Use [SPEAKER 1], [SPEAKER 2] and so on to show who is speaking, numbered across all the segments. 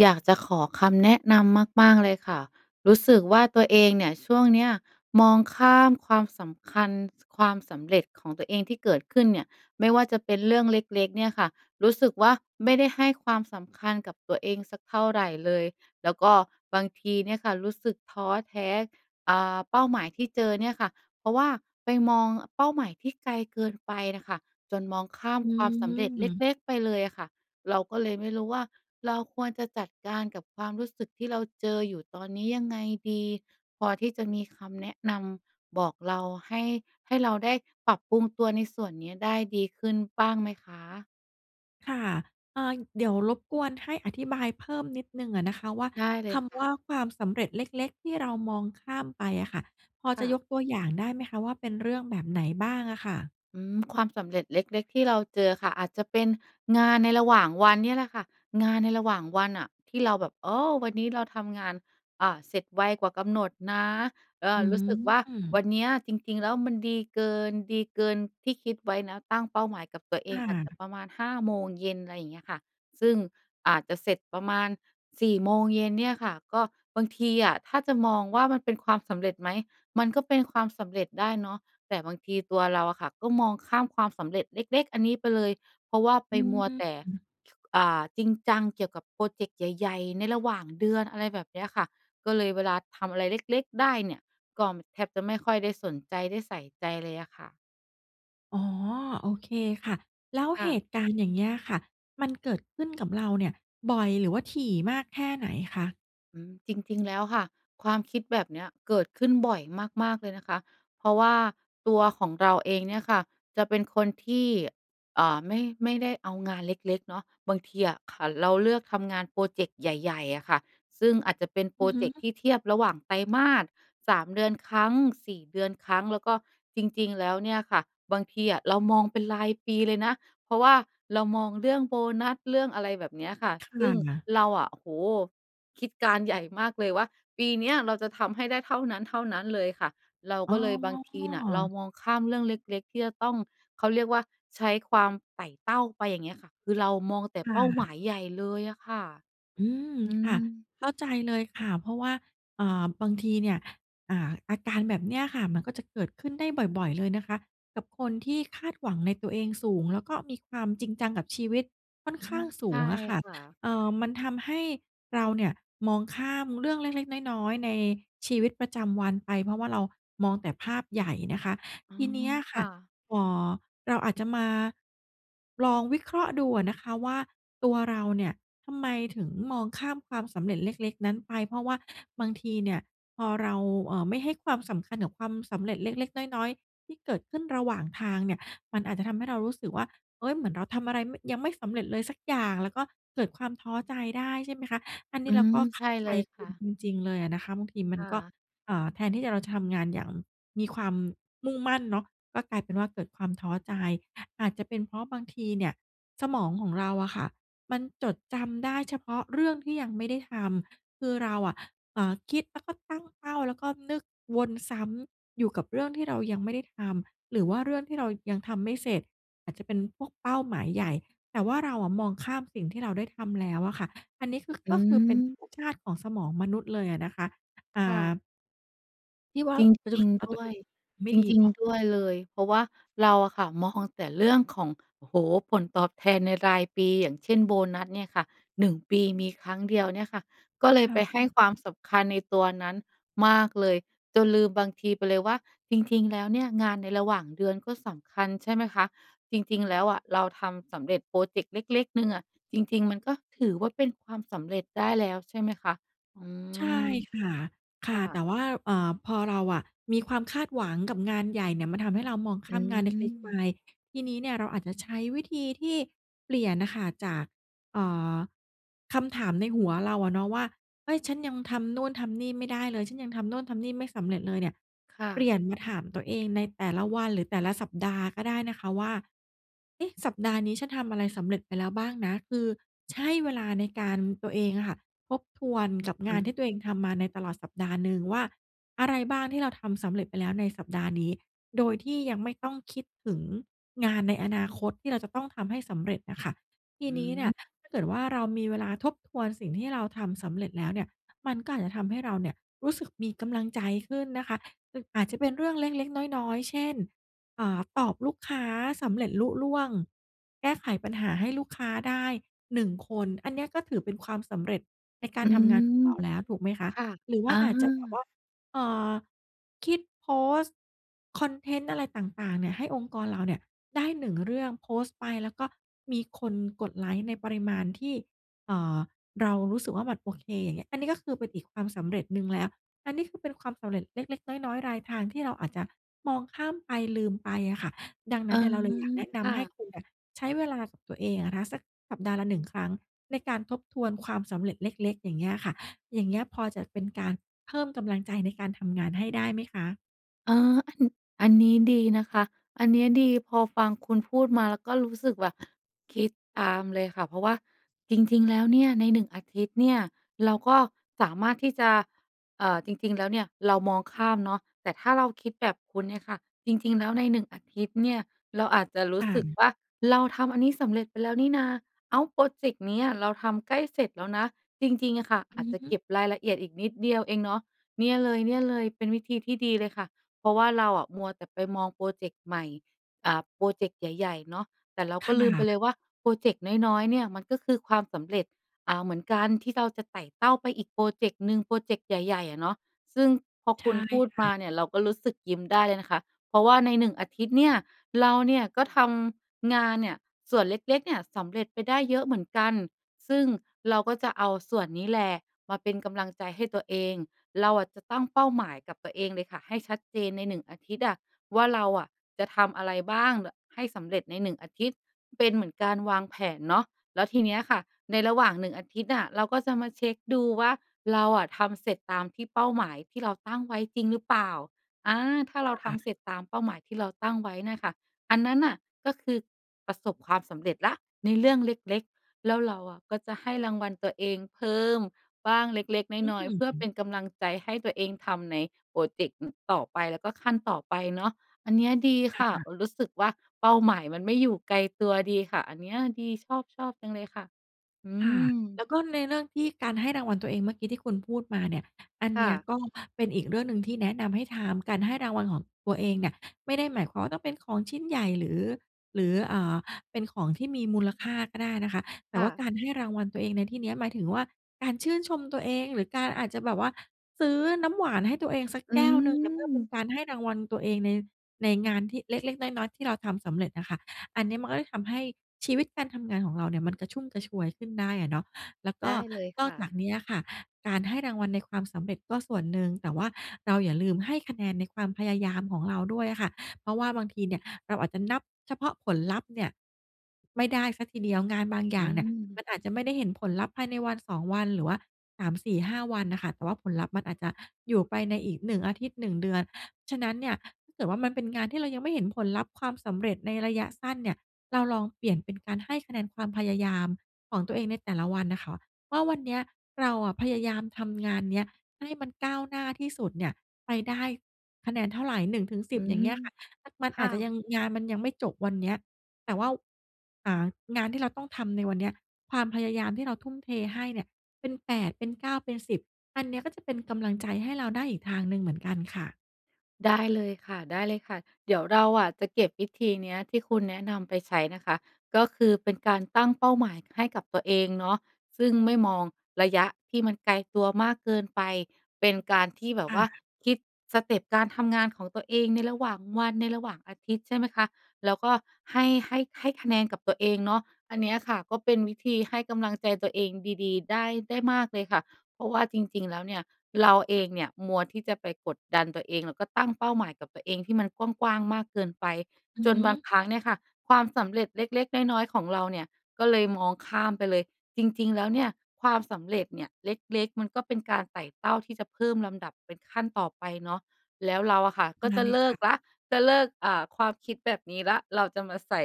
[SPEAKER 1] อยากจะขอคำแนะนำมาก ๆ เลยค่ะ รู้สึกว่าตัวเองเนี่ย ช่วงนี้มองข้ามความสำคัญ ความสำเร็จของตัวเองที่เกิดขึ้นเนี่ย ไม่ว่าจะเป็นเรื่องเล็ก ๆ เนี่ยค่ะ รู้สึกว่าไม่ได้ให้ความสำคัญกับตัวเองสักเท่าไรเลย แล้วก็บางทีเนี่ยค่ะ รู้สึกท้อแท้ อ่า เป้าหมายที่เจอเนี่ยค่ะ เพราะว่าไปมอง เป้าหมายที่ไกลเกินไปน่ะค่ะ จนมองข้าม
[SPEAKER 2] อื
[SPEAKER 1] ความสำเร็จเ
[SPEAKER 2] ม
[SPEAKER 1] ล็ก ๆ ไปเลยอะค่ะ เราก็เลยไม่รู้ว่า เราควรจะจัดการกับความรู้สึกที่เราเจออยู่ตอนนี้ยังไงดี? พอที่จะมีคำแนะนำบอกเรา ให้ ให้เราได้ปรับปรุงตัวในส่วนนี้ได้ดีขึ้นบ้างไหมคะ?
[SPEAKER 2] ค่ะ เอ่อ เดี๋ยวรบกวนให้อธิบายเพิ่มนิดหนึ่งอะนะคะว่า
[SPEAKER 1] ได้เล
[SPEAKER 2] ค
[SPEAKER 1] ยค
[SPEAKER 2] ำ
[SPEAKER 1] ่
[SPEAKER 2] ว่า
[SPEAKER 1] ะ
[SPEAKER 2] "ความสำเร็จเล็ก ๆ ที่เรามองข้ามไป" อะค่ะ พอ
[SPEAKER 1] ค
[SPEAKER 2] จะ
[SPEAKER 1] ่ะ
[SPEAKER 2] ยกตัวอย่างได้ไหมคะว่า เป็นเรื่องแบบไหนบ้างอะค่ะ?
[SPEAKER 1] อืม ความสำเร็จเล็ก ๆ ที่เราเจอค่ะ อาจจะเป็นงานในระหว่างวันเนี่ยแหละค่ะ งานในระหว่างวันอะ ที่เราแบบ โอ้ วันนี้เราทำงาน อ่า เสร็จไวกว่ากำหนดนะ เอ
[SPEAKER 2] อื
[SPEAKER 1] อ รู้สึกว่าว
[SPEAKER 2] ม
[SPEAKER 1] ันเนี้ยจริง ๆ แล้วมันดีเกิน ดีเกินที่คิดไว้นะ ตั้งเป้าหมายกับตัวเอ
[SPEAKER 2] ค
[SPEAKER 1] ง
[SPEAKER 2] ่
[SPEAKER 1] อาจจะ
[SPEAKER 2] ะ
[SPEAKER 1] ประมาณ 5 โมงเย็น ไรอย่างเงี้ยค่ะ ซึ่งอาจจะเสร็จประมาณ 4 โมงเย็นเนี่ยค่ะ ก็ บางทีอะ ถ้าจะมองว่า มันเป็นความสำเร็จไหม? มันก็เป็นความสำเร็จได้เนาะ แต่บางทีตัวเราอะค่ะ ก็มองข้ามความสำเร็จเล็ก ๆ อันนี้ไปเลย เพราะว่าไ
[SPEAKER 2] อ
[SPEAKER 1] ป
[SPEAKER 2] ืม
[SPEAKER 1] มัวแต่ อ่า จริงจังเกี่ยวกับพรอเจกต์ใหญ่ ๆ ในระหว่างเดือน อะไรแบบเนี้ยค่ะ ก็เลยเวลาทำอะไรเล็ก ๆ ได้เนี่ย ก็ ม แทบจะไม่ค่อยได้สนใจได้ใส่ใจเลยอะค่ะ
[SPEAKER 2] อ๋อ โอเคค่ะ แล้ว
[SPEAKER 1] ค่
[SPEAKER 2] เห
[SPEAKER 1] ะ
[SPEAKER 2] ตุการณ์อย่างเงี้ยค่ะ มันเกิดขึ้นกับเราเนี่ยบ่อย หรือว่าถี่มากแค่ไหนคะ?
[SPEAKER 1] อืม จริง ๆ แล้วค่ะ ความคิดแบบเนี้ยเกิดขึ้นบ่อยมาก ๆ เลยนะคะ เพราะว่าตัวของเราเองเนี่ยค่ะจะเป็นคนที่ เอ่อ ไม่ ไม่ได้เอางานเล็ก ๆ เนาะ บางทีอะค่ะเราเลือกทำงานพรอเจกต์ใหญ่ ๆ อะค่ะ ซึ่งอาจจะเป็นพ
[SPEAKER 2] อ
[SPEAKER 1] ร
[SPEAKER 2] ื
[SPEAKER 1] อ
[SPEAKER 2] อฮ
[SPEAKER 1] เ
[SPEAKER 2] ึ
[SPEAKER 1] จกต์ที่เทียบระหว่างไตรมาส 3 เดือนครั้ง 4 เดือนครั้ง แล้วก็จริง ๆ แล้วเนี่ยค่ะ บางทีอะเรามองเป็นรายปีเลยนะ เพราะว่าเรามองเรื่องโบนัส เรื่องอะไรแบบเนี้ยค่ะ
[SPEAKER 2] ค
[SPEAKER 1] ซ
[SPEAKER 2] ่
[SPEAKER 1] ึ่ง
[SPEAKER 2] ะ
[SPEAKER 1] เราอะ โอ้โฮ คิดการใหญ่มากเลยว่า ปีเนี้ยเราจะทำให้ได้เท่านั้น ๆ เลยค่ะ เรา
[SPEAKER 2] อ๋
[SPEAKER 1] ก็เลยบางทีน่ะเรา
[SPEAKER 2] อ
[SPEAKER 1] มองข้ามเรื่องเล็ก ๆ ที่จะต้อง เขาเรียกว่า ใช้ความไต่เต้าไป อย่างเงี้ยค่ะ คือเรามองแต่
[SPEAKER 2] ค่
[SPEAKER 1] เป้าหม
[SPEAKER 2] ะ
[SPEAKER 1] ายใหญ่เลยอะค่ะ
[SPEAKER 2] อืม
[SPEAKER 1] อื
[SPEAKER 2] ค่ะ
[SPEAKER 1] ม
[SPEAKER 2] เข้าใจเลยค่ะ เพราะว่า เอ่อ บางทีเนี่ย อ่า อาการแบบนี้อะค่ะ มันก็จะเกิดขึ้นได้บ่อย ๆ เลยนะคะกับคนที่คาดหวังในตัวเองสูง แล้วก็มีความจริงจังกับชีวิตค่อนข
[SPEAKER 1] อ
[SPEAKER 2] ้
[SPEAKER 1] า
[SPEAKER 2] างส
[SPEAKER 1] ใ
[SPEAKER 2] ู
[SPEAKER 1] ช่
[SPEAKER 2] งอะค่ะ
[SPEAKER 1] ค่ะ
[SPEAKER 2] เอ่อ มันทำให้เราเนี่ยมองข้ามเรื่องเล็ก ๆ น้อย ๆ ในชีวิตประจำวันไป เพราะว่าเรามองแต่ภาพใหญ่นะคะ
[SPEAKER 1] อื
[SPEAKER 2] ทีน
[SPEAKER 1] ม
[SPEAKER 2] ี้อะ
[SPEAKER 1] ๆ
[SPEAKER 2] ค
[SPEAKER 1] ค
[SPEAKER 2] ่ะ
[SPEAKER 1] ่ะ
[SPEAKER 2] เอ่อ เราอาจจะมา ลองวิเคราะห์ดูอะนะคะว่า ตัวเราเนี่ยทำไมถึงมองข้ามความสำเร็จเล็ก ๆ นั้นไป เพราะว่าบางทีเนี่ยพอเรา เอ่อ ไม่ให้ความสำคัญกับความสำเร็จเล็ก ๆ น้อย ๆ ที่เกิดขึ้นระหว่างทางเนี่ย มันอาจจะทำให้เรารู้สึกว่า เฮ้ย เหมือนเราทำอะไร ม ยังไม่สำเร็จเลยสักอย่าง แล้วก็เกิดความท้อใจได้ ใช่ไหมคะ อันนี
[SPEAKER 1] อื
[SPEAKER 2] ้เรา
[SPEAKER 1] ม
[SPEAKER 2] ก็เ
[SPEAKER 1] ใ
[SPEAKER 2] ข
[SPEAKER 1] ช
[SPEAKER 2] ้
[SPEAKER 1] ่
[SPEAKER 2] าใจ
[SPEAKER 1] เลย
[SPEAKER 2] ค
[SPEAKER 1] ค
[SPEAKER 2] ุ
[SPEAKER 1] ่
[SPEAKER 2] ณ
[SPEAKER 1] ะ
[SPEAKER 2] จริง ๆ เลยอะนะคะ บางทีมั
[SPEAKER 1] ค
[SPEAKER 2] น
[SPEAKER 1] ่
[SPEAKER 2] ก็
[SPEAKER 1] ะ
[SPEAKER 2] เอ่อ แทนที่จะเราจะทำงานอย่างมีความมุ่งมั่นเนาะ ก็กลายเป็นว่าเกิดความท้อใจ อาจจะเป็นเพราะบางทีเนี่ยสมองของเราอะค่ะมันจดจำได้เฉพาะเรื่องที่ยังไม่ได้ทำ คือเราอะ เอ่อ คิด แล้วก็เป้า แล้วก็นึกวนซ้ำอยู่กับเรื่องที่เรายังไม่ได้ทำ หรือว่าเรื่องที่เรายังทำไม่เสร็จ อาจจะเป็นพวกเป้าหมายใหญ่ แต่ว่าเราอะมองข้ามสิ่งที่เราได้ทำแล้วอะค่ะ อันนี้คือ
[SPEAKER 1] อ
[SPEAKER 2] ก
[SPEAKER 1] ื
[SPEAKER 2] ็คือเป็นธร
[SPEAKER 1] ม
[SPEAKER 2] รมชาติของสมองมนุษย์เลยอะนะคะ อ่
[SPEAKER 1] ค่
[SPEAKER 2] า
[SPEAKER 1] ะ
[SPEAKER 2] พี่ว่า
[SPEAKER 1] จริง
[SPEAKER 2] เอา
[SPEAKER 1] ๆ ด
[SPEAKER 2] ตั
[SPEAKER 1] ้
[SPEAKER 2] ว
[SPEAKER 1] ว
[SPEAKER 2] เอ
[SPEAKER 1] ย
[SPEAKER 2] ง ไม
[SPEAKER 1] จ
[SPEAKER 2] ่ดี
[SPEAKER 1] ริง
[SPEAKER 2] พอ
[SPEAKER 1] ๆ ด้วยเลย เพราะว่าเราอะค่ะ มองแต่เรื่องของ โอ้โฮ ผลตอบแทนในรายปี อย่างเช่น โบนัสเนี่ยค่ะ 1 ปีมีครั้งเดียวเนี่ยค่ะ ก็เล
[SPEAKER 2] พ
[SPEAKER 1] ย
[SPEAKER 2] ลา
[SPEAKER 1] ไป
[SPEAKER 2] ด
[SPEAKER 1] ให้
[SPEAKER 2] ค่ะ
[SPEAKER 1] ความสำคัญในตัวนั้นมากเลย จนลืมบางที ไปเลยว่า จริง ๆ แล้วเนี่ยงานในระหว่างเดือนก็สำคัญ ใช่ไหมคะ? จริง ๆ แล้วอะ เราทำสำเร็จพรอเจกต์เล็ก ๆ หนึ่งอะ จริง ๆ มันก็ถือว่าเป็นความสำเร็จได้แล้ว ใช่ไหมคะ? อื
[SPEAKER 2] ใช่
[SPEAKER 1] ม
[SPEAKER 2] ค่ะ ค
[SPEAKER 1] ค
[SPEAKER 2] ่ะ
[SPEAKER 1] ่
[SPEAKER 2] แ
[SPEAKER 1] ะ
[SPEAKER 2] ต่ว่า เอ่อ พอเราอะ มีความคาดหวังกับงานใหญ่เนี่ย มันทำให้เรามองข
[SPEAKER 1] อื
[SPEAKER 2] ้ามงานเล็ก ๆ ไป
[SPEAKER 1] ม
[SPEAKER 2] ทีนี้เนี่ยเราอาจจะใช้วิธีที่เปลี่ยนอะค่ะ จาก เอ่อ คำถามในหัวเราอะเนาะว่า เอ๊ย ฉันยังทำนู่นทำนี่ไม่ได้เลย ฉันยังทำโน่นทำนี่ไม่สำเร็จเลยเนี่ย
[SPEAKER 1] ค่
[SPEAKER 2] เปลี
[SPEAKER 1] ะ
[SPEAKER 2] ่ยนมาถามตัวเองในแต่ละวัน หรือแต่ละสัปดาห์ก็ได้นะคะว่า เอ๊ะ สัปดาห์นี้ฉันทำอะไรสำเร็จไปแล้วบ้างนะ คือใช่เวลาในการ ตัวเองอะค่ะ ทบทวนกับ
[SPEAKER 1] อ
[SPEAKER 2] งานที
[SPEAKER 1] ืม
[SPEAKER 2] ่ตัวเองทำมาในตลอดสัปดาห์หนึ่งว่า อะไรบ้างที่เราทำสำเร็จไปแล้วในสัปดาห์นี้ โดยที่ยังไม่ต้องคิดถึงงานในอนาคต ที่เราจะต้องทำให้สำเร็จอะค่ะ ที
[SPEAKER 1] อื
[SPEAKER 2] นี้เนี่ย
[SPEAKER 1] ม
[SPEAKER 2] ถ้าเกิดว่า เรามีเวลาทบทวนสิ่งที่เราทำสำเร็จแล้วเนี่ย มันก็อาจจะทำให้เราเนี่ย รู้สึกมีกำลังใจขึ้นนะคะ อึก อาจจะเป็นเรื่องเล็ก ๆ น้อย ๆ เช่น อ่า ตอบลูกค้าสำเร็จลุล่วง แก้ไขปัญหาให้ลูกค้าได้ 1 คน อันเนี้ยก็ถือเป็นความสำเร็จในกา
[SPEAKER 1] อ
[SPEAKER 2] ร
[SPEAKER 1] ื
[SPEAKER 2] ทำงานขอ
[SPEAKER 1] ม
[SPEAKER 2] งเราแล้ว ถูกไหมคะ?
[SPEAKER 1] ค่ะ
[SPEAKER 2] หรือว
[SPEAKER 1] อ
[SPEAKER 2] ่าอาจจะแบบ
[SPEAKER 1] า
[SPEAKER 2] ว่า เอ่อ คิดโพสต์ คอนเทนต์อะไรต่าง ๆ เนี่ย ให้องค์กรเราเนี่ยได้ 1 เรื่อง โพสต์ไป แล้วก็มีคนกดไลก์ในปริมาณที่ เอ่อ เรารู้สึกว่ามัน โอเค อย่างเงี้ย อันนี้ก็คือเป็นอีกความสำเร็จหนึ่งแล้ว อันนี้คือเป็นความสำเร็จเล็ก ๆ น้อย ๆ รายทางที่เราอาจจะมองข้ามไป ลืมไปอะค่ะ ดังน
[SPEAKER 1] เ
[SPEAKER 2] ั
[SPEAKER 1] อ
[SPEAKER 2] ้
[SPEAKER 1] อ
[SPEAKER 2] นเนี่ยเราเลยอยากแนะน
[SPEAKER 1] ค่
[SPEAKER 2] ำให้
[SPEAKER 1] ะ
[SPEAKER 2] คุณอะ ใช้เวลากับตัวเองอะนะคะ สักสัปดาห์ละ 1 ครั้งในการทบทวนความสำเร็จเล็ก ๆ อย่างเงี้ยค่ะ อย่างเงี้ยพอจะเป็นการเพิ่มกำลังใจในการทำงานให้ได้ไหมคะ?
[SPEAKER 1] เอ่อ อัน อันนี้ดีนะคะ อันเนี้ยดี พอฟังคุณพูดมาแล้วก็รู้สึกว่า คิดตามเลยค่ะ เพราะว่าจริง ๆ แล้วเนี่ยใน 1 อาทิตย์เนี่ย เราก็สามารถที่จะ เอ่อ จริง ๆ แล้วเนี่ยเรามองข้ามเนาะ แต่ถ้าเราคิดแบบคุณเนี่ยค่ะ จริง ๆ แล้วในหนึ่งอาทิตย์เนี่ย เราอาจจะรู
[SPEAKER 2] ค
[SPEAKER 1] ้
[SPEAKER 2] ่
[SPEAKER 1] สึก
[SPEAKER 2] ะ
[SPEAKER 1] ว่า เราทำอันนี้สำเร็จไปแล้วนี่นะ อ้าว พรอเจ็กต์นี้อะเราทำใกล้เสร็จแล้วนะ จริง ๆ อะค่ะ อ
[SPEAKER 2] อื
[SPEAKER 1] าจ
[SPEAKER 2] อ
[SPEAKER 1] จะ
[SPEAKER 2] ฮ
[SPEAKER 1] เ
[SPEAKER 2] ึ
[SPEAKER 1] ก็บรายละเอียดอีกนิดเดียวเองเนาะ เนี่ยเลย เนี่ยเลย เป็นวิธีที่ดีเลยค่ะ เพราะว่าเราอะมัวแต่ไปมองพรอเจ็กต์ใหม่ อ่า พรอเจ็กต์ใหญ่ ๆ เนาะ แต่เรา
[SPEAKER 2] ค
[SPEAKER 1] ก็ล
[SPEAKER 2] ่
[SPEAKER 1] ืมไป
[SPEAKER 2] ะ
[SPEAKER 1] เลยว่าพรอเจ็กต์น้อย ๆ เนี่ย มันก็คือความสำเร็จ อ่า เหมือนกัน ที่เราจะไต่เต้าไปอีกพรอเจ็กต์หนึ่ง พรอเจ็กต์ใหญ่ ๆ อะเนาะ ซึ่งพอ
[SPEAKER 2] ใช
[SPEAKER 1] คุ
[SPEAKER 2] ่
[SPEAKER 1] ณพูด
[SPEAKER 2] ค
[SPEAKER 1] ม
[SPEAKER 2] ่
[SPEAKER 1] า
[SPEAKER 2] ะ
[SPEAKER 1] เนี่ยเราก็รู้สึกยิ้มได้เลยนะคะ เพราะว่าใน 1 อาทิตย์เนี่ย เราเนี่ยก็ทำงานเนี่ยส่วนเล็ก ๆ เนี่ย สำเร็จไปได้เยอะเหมือนกัน ซึ่งเราก็จะเอาส่วนนี้แหละมาเป็นกำลังใจให้ตัวเอง เราอะจะตั้งเป้าหมายกับตัวเองเลยค่ะให้ชัดเจนใน 1 อาทิตย์อะ ว่าเราอะจะทำอะไรบ้าง ด ให้สำเร็จใน 1 อาทิตย์ เป็นเหมือนการวางแผนเนาะ แล้วทีเนี้ยค่ะ ในระหว่าง 1 อาทิตย์อะ เราก็จะมาเช็กดูว่า เราอะทำเสร็จตามที่ เป้าหมายที่เราตั้งไว้จริงหรือเปล่า อา ถ้าเราท
[SPEAKER 2] ค่ะ
[SPEAKER 1] ำเสร็จตามเป้าหมายที่เราตั้งไว้น่ะค่ะ อันนั้นน่ะ ก็คือประสบความสำเร็จแล้วในเรื่องเล็ก ๆ แล้วเราอะก็จะให้รางวัลตัวเองเพิ่มบ้างเล็ก
[SPEAKER 2] อื
[SPEAKER 1] ๆ น้อย ๆ เพื่อ
[SPEAKER 2] ม
[SPEAKER 1] เป็นกำลังใจให้ตัวเองทำในพรอเจ็กต์ อ ต่อไปก็ขั้นต่อไปเนาะ อันเนี้ยดี
[SPEAKER 2] ค
[SPEAKER 1] ค่ะ
[SPEAKER 2] ่ะ
[SPEAKER 1] รู้สึกว่าเป้าหมายมันไม่อยู่ไกลตัวดีค่ะ อันเนี้ยดีชอบ ๆ จังเลยค่ะ อื
[SPEAKER 2] ค่ะ แล
[SPEAKER 1] ม
[SPEAKER 2] ้วก็ในเรื่องที่ การให้รางวัลตัวเองเมื่อกี้ที่คุณพูดมาเนี่ย อัน
[SPEAKER 1] ค
[SPEAKER 2] เ
[SPEAKER 1] ่
[SPEAKER 2] นี้ย
[SPEAKER 1] ะ
[SPEAKER 2] ก็เป็นอีกเรื่องหนึ่งที่แนะนำให้ทำ การให้รางวัลของตัวเองเนี่ยไม่ได้หมายความว่าต้องเป็นของชิ้นใหญ่ หรือ หรือ อ่า เป็นของที่มีมูลค่าก็ได้นะคะ แต่
[SPEAKER 1] ค่
[SPEAKER 2] ว่า
[SPEAKER 1] ะ
[SPEAKER 2] การให้รางวัลตัวเองในที่เนี้ย หมายถึงว่าการชื่นชมตัวเอง หรือการอาจจะแบบว่าซื้อน้ำหวานให้ตัวเองสัก
[SPEAKER 1] อ
[SPEAKER 2] แ
[SPEAKER 1] ื
[SPEAKER 2] ก้วหนึ่งเนี่ย เพื่อเป็น
[SPEAKER 1] ม
[SPEAKER 2] การให้รางวัลตัวเองใน ในงานที่เล็ก ๆ น้อย ๆ ที่เราทำสำเร็จอะค่ะ อันเนี้ยมันก็ทำให้ชีวิตการทำงานของเราเนี่ยมันกระชุ่มกระชวยขึ้นได้อะเนาะ แล้วก
[SPEAKER 1] ได
[SPEAKER 2] ็
[SPEAKER 1] ้เลย
[SPEAKER 2] น
[SPEAKER 1] ค
[SPEAKER 2] อก
[SPEAKER 1] ่
[SPEAKER 2] จาก
[SPEAKER 1] ะ
[SPEAKER 2] นี้อะค่ะการให้รางวัลในความสำเร็จก็ส่วนหนึ่ง แต่ว่าเราอย่าลืมให้คะแนนในความพยายามของเราด้วยอะค่ะ เพราะว่าบางทีเนี่ยเราอาจจะนับเฉพาะผลลัพธ์เนี่ย ไม่ได้เสียทีเดียว งานบางอย
[SPEAKER 1] อ
[SPEAKER 2] ่
[SPEAKER 1] ื
[SPEAKER 2] างเนี่ยมั
[SPEAKER 1] ม
[SPEAKER 2] นอาจจะไม่ได้เห็นผลลัพธ์ภายในวัน 2 วัน หรือว่า 3 4 5 วันน่ะค่ะ แต่ว่าผลลัพธ์มันอาจจะอยู่ไปในอีก 1 อาทิตย์ 1 เดือน ฉะนั้นเนี่ยถ้าเกิดว่า มันเป็นงานที่เรายังไม่เห็นผลลัพธ์ ความสำเร็จ ในระยะสั้นเนี่ย เราลองเปลี่ยนเป็นการให้คะแนนความพยายามของตัวเองในแต่ละวันน่ะค่ะว่า วันเนี้ยเราอะพยายามทำงานเนี้ย ให้มันก้าวหน้าที่สุดเนี่ยไปได้คะแนนเท่าไร หนึ่งถึงสิ
[SPEAKER 1] อื
[SPEAKER 2] บ อย่า
[SPEAKER 1] ม
[SPEAKER 2] งเงี้ยค่ะ มัน
[SPEAKER 1] ค
[SPEAKER 2] อ
[SPEAKER 1] ่
[SPEAKER 2] าจจะยั
[SPEAKER 1] ะ
[SPEAKER 2] ง งานมันยังไม่จบวันเนี้ย แต่ว่า อ่า งานที่เราต้องทำในวันเนี้ย ความพยายามที่เราทุ่มเทให้เนี่ย เป็น 8 เป็น 9 เป็น 10 อันเนี้ยก็จะเป็นกำลังใจให้เราได้อีกทางหนึ่งเหมือนกันค่ะ
[SPEAKER 1] ได้เลยค่ะ ได้เลยค่ะ เดี๋ยวเราอะจะเก็บวิธีเนี้ยที่คุณแนะนำไปใช้นะคะ ก็คือเป็นการตั้งเป้าหมายให้กับตัวเองเนาะ ซึ่งไม่มองระยะที่มันไกลตัวมากเกินไป เป็นการที่แบ
[SPEAKER 2] ค
[SPEAKER 1] บ
[SPEAKER 2] ่
[SPEAKER 1] ว่า
[SPEAKER 2] ะ
[SPEAKER 1] คิดสเต็ปการทำงานของตัวเองในระหว่างวัน ในระหว่างอาทิตย์ ใช่ไหมคะ? แล้วก็ให้ ให้ ให้คะแนนกับตัวเองเนาะ อันเนี้ยค่ะก็เป็นวิธีให้กำลังใจตัวเองดี ๆ ได้ ได้มากเลยค่ะ เพราะว่าจริง ๆ แล้วเนี่ย เราเองเนี่ยมัวที่จะไปกดดันตัวเอง แล้วก็ตั้งเป้าหมายกับตัวเองที่มันกว้าง ๆ มากเกินไป
[SPEAKER 2] อื
[SPEAKER 1] จ
[SPEAKER 2] อฮ
[SPEAKER 1] นบาง
[SPEAKER 2] ึ
[SPEAKER 1] ครั้งเนี่ยค่ะ ความสำเร็จเล็ก ๆ น้อย ๆ ของเราเนี่ย ก็เลยมองข้ามไปเลย จริง ๆ แล้วเนี่ย ความสำเร็จเนี่ย เล็ก ๆ มันก็เป็นการไต่เต้าที่จะเพิ่มลำดับเป็นขั้นต่อไปเนาะ แล้วเราอะค่ะก็
[SPEAKER 2] นั
[SPEAKER 1] จ
[SPEAKER 2] ้
[SPEAKER 1] ะ
[SPEAKER 2] นเล
[SPEAKER 1] เ
[SPEAKER 2] ย
[SPEAKER 1] ลิ
[SPEAKER 2] ค่
[SPEAKER 1] กแล
[SPEAKER 2] ะ
[SPEAKER 1] ้ว จะเลิก อ่า ความคิดแบบนี้แล้ว เราจะมาใส่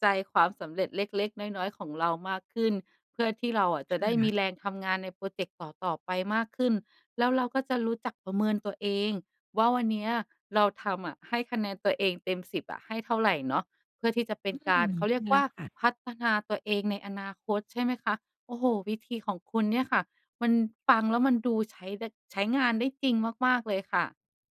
[SPEAKER 1] ใจความสำเร็จเล็ก ๆ น้อย ๆ ของเรามากขึ้น เพื่อที่เราอะจะได้
[SPEAKER 2] ค
[SPEAKER 1] ม
[SPEAKER 2] ่
[SPEAKER 1] ี
[SPEAKER 2] ะ
[SPEAKER 1] แรงทำงานในพรอเจกต์ต่อ ๆ ไปมากขึ้น แล้วเราก็จะรู้จักประเมินตัวเองว่า วันเนี้ยเราทำอะ ให้คะแนนตัวเองเต็ม 10 อะ ให้เท่าไรเนาะ เพื่อที่จะเป็
[SPEAKER 2] อ
[SPEAKER 1] น
[SPEAKER 2] ื
[SPEAKER 1] การ
[SPEAKER 2] ม
[SPEAKER 1] เขาเรีย
[SPEAKER 2] นั
[SPEAKER 1] ก
[SPEAKER 2] ่นแห
[SPEAKER 1] ว
[SPEAKER 2] ล
[SPEAKER 1] ่
[SPEAKER 2] ะ
[SPEAKER 1] า
[SPEAKER 2] ค่ะ
[SPEAKER 1] พัฒนาตัวเองในอนาคต ใช่ไหมคะ? โอ้โฮ วิธีของคุณเนี่ยค่ะ มันฟังแล้วมันดูใช้ได้ ใช้งานได้จริงมาก ๆ เลยค่ะ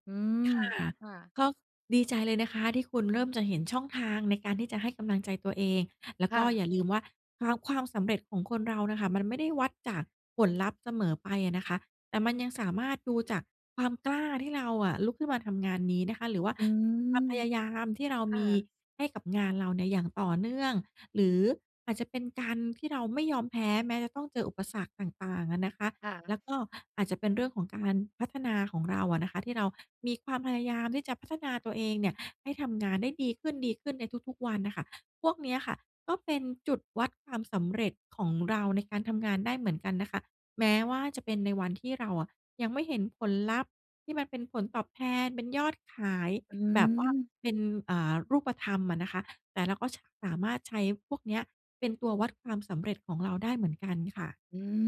[SPEAKER 1] อื
[SPEAKER 2] ค
[SPEAKER 1] ม
[SPEAKER 2] ่ะ
[SPEAKER 1] ค่ะ
[SPEAKER 2] ก็ดีใจเลยนะคะที่คุณเริ่มจะเห็นช่องทางในการที่จะให้กำลังใจตัวเอง แล้ว
[SPEAKER 1] ค
[SPEAKER 2] ก
[SPEAKER 1] ่
[SPEAKER 2] ็
[SPEAKER 1] ะ
[SPEAKER 2] อย่าลืมว่า คาว ความสำเร็จของคนเราน่ะค่ะ มันไม่ได้วัดจากผลลัพธ์เสมอไปอะนะคะ แต่มันยังสามารถดูจากความกล้าที่เราอะลุกขึ้นมาทำงานนี้นะคะ หรือว่า
[SPEAKER 1] อื
[SPEAKER 2] ความ
[SPEAKER 1] ม
[SPEAKER 2] พยายามที่เรา
[SPEAKER 1] ค
[SPEAKER 2] ม
[SPEAKER 1] ่
[SPEAKER 2] ี
[SPEAKER 1] ะ
[SPEAKER 2] ให้กับงานเราเนี่ยอย่างต่อเนื่อง หรืออาจจะเป็นการที่เราไม่ยอมแพ้ แม้จะต้องเจออุปสรรคต่าง ๆ อะนะคะ
[SPEAKER 1] ค่
[SPEAKER 2] แล
[SPEAKER 1] ะ
[SPEAKER 2] ้วก็อาจจะเป็นเรื่องของการพัฒนาของเราอะนะคะ ที่เรามีความพยายามที่จะพัฒนาตัวเองเนี่ยให้ทำงานได้ดีขึ้น ดีขึ้นในทุก ๆ วันน่ะค่ะ พวกเนี้ยค่ะก็เป็นจุดวัดความสำเร็จของเราในการทำงานได้เหมือนกันนะคะ แม้ว่าจะเป็นในวันที่เราอะยังไม่เห็นผลลัพธ์ที่มันเป็นผลตอบแทน เป็นยอดขาย
[SPEAKER 1] อ
[SPEAKER 2] แบบว่า
[SPEAKER 1] ืม
[SPEAKER 2] เป็น อ่า รูปธรรมอะนะคะ แต่เราก็ ช สามารถใช้พวกเนี้ยเป็นตัววัดความสำเร็จของเราได้เหมือนกันค่ะ
[SPEAKER 1] อืม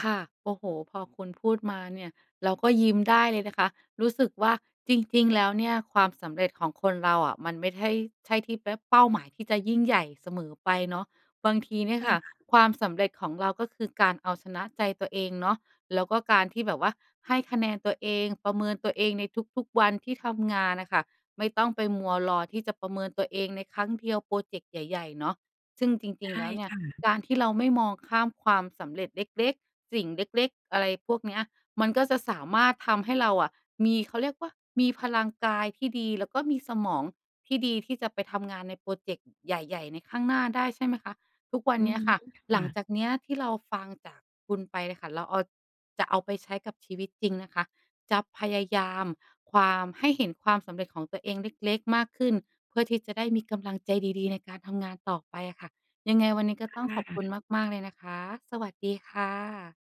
[SPEAKER 1] ค่ะ โอ้โฮ! พอคุณพูดมาเนี่ย เราก็ยิ้มได้เลยนะคะ รู้สึกว่า จริง ๆ แล้วเนี่ยความสำเร็จของคนเราอะ มันไม่ไท่ ใช่ที่เป๊บ เป้าหมายที่จะยิ่งใหญ่เสมอไปเนาะ บางทีเนี่ย
[SPEAKER 2] ค
[SPEAKER 1] ค
[SPEAKER 2] ่
[SPEAKER 1] ่ะ
[SPEAKER 2] ะ
[SPEAKER 1] ความสำเร็จของเราก็คือการเอาชนะใจตัวเองเนาะ แล้วก็การที่แบบว่าให้คะแนนตัวเอง ประเมินตัวเองในทุก ๆ วันที่ทำงานน่ะค่ะ ไม่ต้องไปมัวรอที่จะประเมินตัวเองในครั้งเดียวพรอเจกต์ใหญ่ ๆ เนาะ ซึ่งจร
[SPEAKER 2] ใ
[SPEAKER 1] ิ
[SPEAKER 2] ช
[SPEAKER 1] ง ๆ
[SPEAKER 2] ่
[SPEAKER 1] แล้วเนี่
[SPEAKER 2] ค
[SPEAKER 1] ย
[SPEAKER 2] ่ะ
[SPEAKER 1] การที่เราไม่มองข้ามความสำเร็จเล็ก ๆ สิ่งเล็ก ๆ อะไรพวกเนี้ย มันก็จะสามารถทำให้เราอะ มี เขาเรียกว่า มีพลังกายที่ดี แล้วก็มีสมองที่ดี ที่จะไปทำงานในพรอเจกต์ ใหญ่ ๆ ในข้างหน้าได้ ใช่ไหมคะ? ทุกวัน
[SPEAKER 2] อื
[SPEAKER 1] เนี
[SPEAKER 2] อ
[SPEAKER 1] ้ย
[SPEAKER 2] ฮึ
[SPEAKER 1] ค่ะ
[SPEAKER 2] ค
[SPEAKER 1] หล
[SPEAKER 2] ่
[SPEAKER 1] ัง
[SPEAKER 2] ะ
[SPEAKER 1] จากเนี้ยที่เราฟังจากคุณไปน่ะค่ะ เราเอา จะเอาไปใช้กับชีวิตจริงนะคะ จะพยายาม ความ ให้เห็นความสำเร็จของตัวเองเล็ก ๆ มากขึ้น เพื่อที่จะได้มีกำลังใจดี ๆ ในการทำงานต่อไปอะค่ะ ยังไงวันนี้ก็ต้อ
[SPEAKER 2] ค
[SPEAKER 1] ง
[SPEAKER 2] ่
[SPEAKER 1] ขอบคุณ
[SPEAKER 2] ะ
[SPEAKER 1] มาก ๆ เลยนะคะ สวัสดีค่ะ